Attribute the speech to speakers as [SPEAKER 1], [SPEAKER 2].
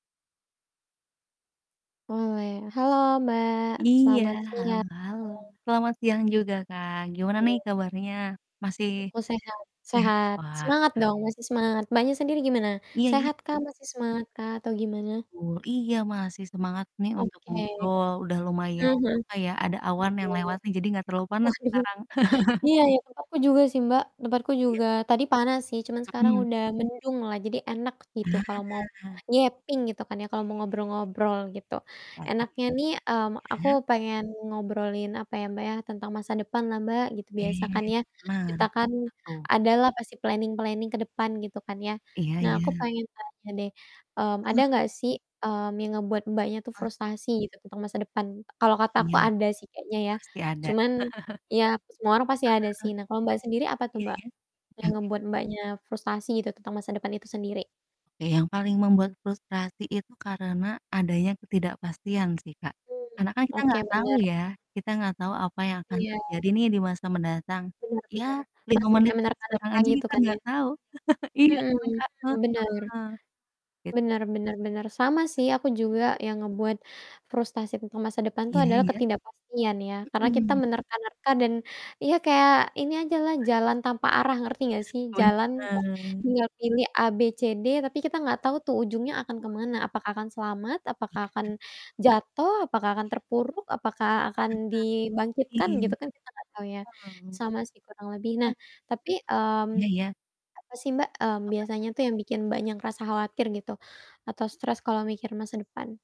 [SPEAKER 1] Boleh halo, Mbak,
[SPEAKER 2] Iya,
[SPEAKER 1] selamat
[SPEAKER 2] halo
[SPEAKER 1] siang.
[SPEAKER 2] halo, selamat siang juga, Kak, gimana nih
[SPEAKER 1] Iya.
[SPEAKER 2] kabarnya? Masih
[SPEAKER 1] Aku sehat sehat,
[SPEAKER 2] sehat,
[SPEAKER 1] semangat
[SPEAKER 2] wah.
[SPEAKER 1] dong, masih semangat. Mbaknya sendiri gimana?
[SPEAKER 2] Iya iya.
[SPEAKER 1] Sehat kah,
[SPEAKER 2] Heeh.
[SPEAKER 1] masih semangat kah, atau gimana?
[SPEAKER 2] Wow iya, masih semangat nih untuk
[SPEAKER 1] Oke.
[SPEAKER 2] ngobrol, udah
[SPEAKER 1] Heeh
[SPEAKER 2] lumayan,
[SPEAKER 1] heeh.
[SPEAKER 2] apa ya, ada awan
[SPEAKER 1] Ya
[SPEAKER 2] yang
[SPEAKER 1] ya.
[SPEAKER 2] lewat nih, jadi nggak terlalu
[SPEAKER 1] Oh,
[SPEAKER 2] panas
[SPEAKER 1] iya
[SPEAKER 2] sekarang.
[SPEAKER 1] iya iya, tempatku juga sih, Mbak, tempatku
[SPEAKER 2] Iya.
[SPEAKER 1] juga, tadi panas sih, cuman sekarang
[SPEAKER 2] Mhm.
[SPEAKER 1] udah mendung lah, jadi enak gitu kalau mau
[SPEAKER 2] Nah.
[SPEAKER 1] yapping gitu kan, ya, kalau
[SPEAKER 2] Iya
[SPEAKER 1] mau
[SPEAKER 2] iya iya.
[SPEAKER 1] ngobrol-ngobrol, gitu.
[SPEAKER 2] Oh gitu.
[SPEAKER 1] Enaknya nih, mmm, aku
[SPEAKER 2] Mhm?
[SPEAKER 1] pengen ngobrolin, apa ya, Mbak, ya, tentang masa depan lah, Mbak, gitu, biasa
[SPEAKER 2] Oke,
[SPEAKER 1] kan ya,
[SPEAKER 2] pernah.
[SPEAKER 1] kita kan,
[SPEAKER 2] [unintelligible]
[SPEAKER 1] ada lah pasti planning-planning ke depan, gitu kan, ya.
[SPEAKER 2] Iya
[SPEAKER 1] Nah, aku
[SPEAKER 2] iya.
[SPEAKER 1] pengen tanya deh, mmm, ada
[SPEAKER 2] Heeh.
[SPEAKER 1] nggak sih, mmm, yang ngebuat Mbaknya tuh
[SPEAKER 2] Mmm.
[SPEAKER 1] frustasi gitu, tentang masa depan, kalau kata aku
[SPEAKER 2] Iya,
[SPEAKER 1] ada sih kayaknya ya,
[SPEAKER 2] pasti ada.
[SPEAKER 1] cuman ya, semua orang pasti
[SPEAKER 2] Heeh
[SPEAKER 1] ada sih.
[SPEAKER 2] heeh.
[SPEAKER 1] Nah, kalau Mbaknya sendiri, apa tuh
[SPEAKER 2] Iya
[SPEAKER 1] Mbak
[SPEAKER 2] iya, oke
[SPEAKER 1] yang
[SPEAKER 2] oke.
[SPEAKER 1] ngebuat Mbaknya frustasi gitu, tentang masa depan itu sendiri?
[SPEAKER 2] Eh, yang paling membuat frustrasi itu karena, adanya ketidakpastian sih, Kak.
[SPEAKER 1] Mmm,
[SPEAKER 2] Karena kan kita
[SPEAKER 1] oke,
[SPEAKER 2] nggak tau
[SPEAKER 1] bener.
[SPEAKER 2] ya, kita nggak tau apa yang akan
[SPEAKER 1] Iya.
[SPEAKER 2] terjadi nih, di masa mendatang.
[SPEAKER 1] Bener
[SPEAKER 2] Ya,
[SPEAKER 1] bener,
[SPEAKER 2] 5
[SPEAKER 1] masih
[SPEAKER 2] menit
[SPEAKER 1] kayak
[SPEAKER 2] sekarang
[SPEAKER 1] menerka-nerka
[SPEAKER 2] aja
[SPEAKER 1] gitu
[SPEAKER 2] kita
[SPEAKER 1] kan, ya?
[SPEAKER 2] nggak tahu. Iya
[SPEAKER 1] Mhm
[SPEAKER 2] kan, Kak? Heeh.
[SPEAKER 1] mhm, bener.
[SPEAKER 2] Itu sih,
[SPEAKER 1] Bener bener bener, sama sih, aku
[SPEAKER 2] iya iya, mhm?
[SPEAKER 1] juga yang ngebuat frustrasi tentang masa depan tuh
[SPEAKER 2] Iya iya
[SPEAKER 1] adalah
[SPEAKER 2] iya.
[SPEAKER 1] ketidakpastian, ya. Karena kita
[SPEAKER 2] Mhm.
[SPEAKER 1] menerka-nerka dan, iya, kayak ini aja lah, jalan tanpa arah, ngerti nggak sih, jalan, kayak
[SPEAKER 2] Punten.
[SPEAKER 1] tinggal pilih A,B,C,D, tapi kita nggak tau tuh ujungnya akan kemana, apakah akan selamat, apakah akan akan
[SPEAKER 2] Iya.
[SPEAKER 1] jatuh, apakah akan
[SPEAKER 2] Iya.
[SPEAKER 1] terpuruk, apakah akan
[SPEAKER 2] Benar,
[SPEAKER 1] dibangkitkan, gitu
[SPEAKER 2] iya.
[SPEAKER 1] kan, kita nggak tau ya,
[SPEAKER 2] Mmm,
[SPEAKER 1] sama sih kurang lebih. Nah,
[SPEAKER 2] m
[SPEAKER 1] tapi, mmm,
[SPEAKER 2] Iya iya.
[SPEAKER 1] apa sih Mbak, mmm, biasanya
[SPEAKER 2] Tergantung
[SPEAKER 1] tuh yang bikin banyak rasa khawatir gitu, atau stres kalau mikir masa depan?